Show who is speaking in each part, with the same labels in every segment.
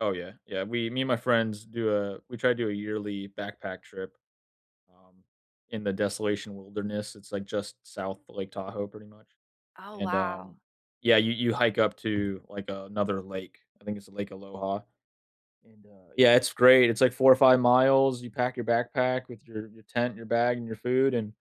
Speaker 1: Oh, yeah. Yeah, we me and my friends do a we try to do a yearly backpack trip, um, in the desolation wilderness. It's, like, just South Lake Tahoe, pretty much.
Speaker 2: Oh,
Speaker 1: And, um
Speaker 2: wow.
Speaker 1: yeah, you you hike up to, like, another lake. I think it's the Lake Aloha; and, uh, yeah, it's great, it's like 4 or 5 miles, you pack your backpack with your your tent, your bag, and your food, and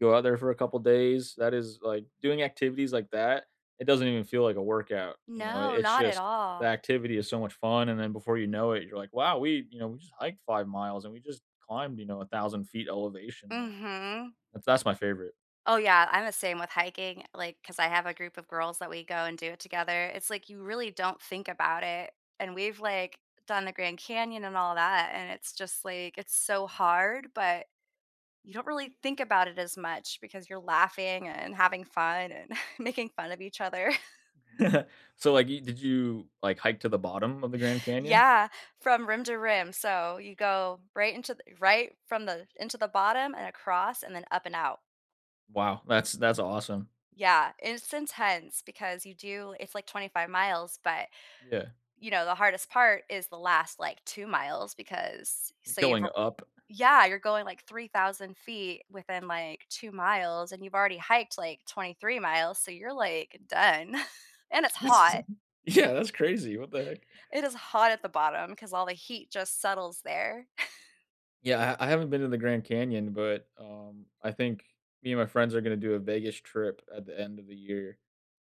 Speaker 1: go out there for a couple days. That is, like doing activities like that, it doesn't even feel like a workout, you know?
Speaker 2: No,
Speaker 1: It's
Speaker 2: not at
Speaker 1: just, the
Speaker 2: all.
Speaker 1: activity is so much fun, and then before you know it, you're like, "Wow, we you know, we just hiked 5 miles and we just climbed, you know, 1000' elevation, like
Speaker 2: Mhm.
Speaker 1: th that's my favorite.
Speaker 2: Oh, yeah, I'm the same with hiking, like, 'cause I have a group of girls that we go and do it together. It's, like, you really don't think about it, and we've, like, done the Grand Canyon and all that, and it's just, like, it's so hard, but you don't really think about it as much because you're laughing and having fun and making fun of each other.
Speaker 1: So, like, you did you, like, hike to the bottom of the Grand Canyon?
Speaker 2: Yeah. From rim to rim, so you go right into th right from the into the bottom and across and then up and out.
Speaker 1: Wow. That's that's awesome.
Speaker 2: Yeah, it's intense because you do it's, like, 25 miles, but,
Speaker 1: Yeah.
Speaker 2: you know, the hardest part is the last, like, 2 miles because
Speaker 1: You're
Speaker 2: so you've
Speaker 1: going
Speaker 2: r
Speaker 1: up
Speaker 2: yeah, you're going, like, 3,000' within, like, 2 miles, and you've already hiked, like, 23 miles, so you're, like, done, and it's
Speaker 1: That's
Speaker 2: hot.
Speaker 1: Yeah, that's crazy, what the heck?
Speaker 2: It is hot at the bottom, 'cause all the heat just settles there.
Speaker 1: Yeah, I I haven't been to the Grand Canyon, but, um, I think me and my friends are gonna do a Vegas trip at the end of the year,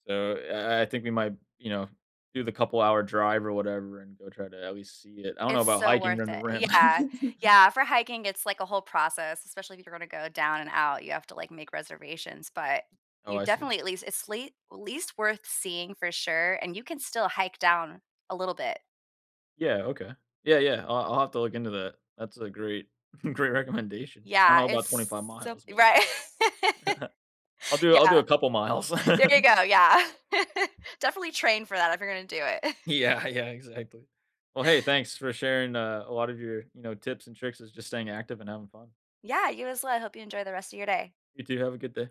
Speaker 1: so I I think we might, you know, do the couple hour drive or whatever and go try to at least see it. I don't know
Speaker 2: It's
Speaker 1: about
Speaker 2: so
Speaker 1: hiking
Speaker 2: worth
Speaker 1: around the
Speaker 2: it,
Speaker 1: rim.
Speaker 2: yeah. Yeah, for hiking, it's, like, a whole process, especially if you're gonna go down and out, you have to, like, make reservations, but
Speaker 1: Oh,
Speaker 2: you
Speaker 1: I see.
Speaker 2: definitely, at least it's late least worth seeing for sure, and you can still hike down a little bit.
Speaker 1: Yeah, okay. Yeah, yeah. I'll I'll have to look into that. That's a great great recommendation. I don't
Speaker 2: Yeah.
Speaker 1: know about twenty
Speaker 2: It's
Speaker 1: five
Speaker 2: so
Speaker 1: miles, but yeah.
Speaker 2: right.
Speaker 1: I'll do I'll do
Speaker 2: Yeah.
Speaker 1: a couple miles.
Speaker 2: There you go, yeah. Definitely train for that if you're gonna do it.
Speaker 1: Yeah, yeah, exactly. Well, hey, thanks for sharing a a lot of your, you know, tips and tricks is just staying active and having fun.
Speaker 2: Yeah, you as well. I hope you enjoy the rest of your day.
Speaker 1: You too, have a good day.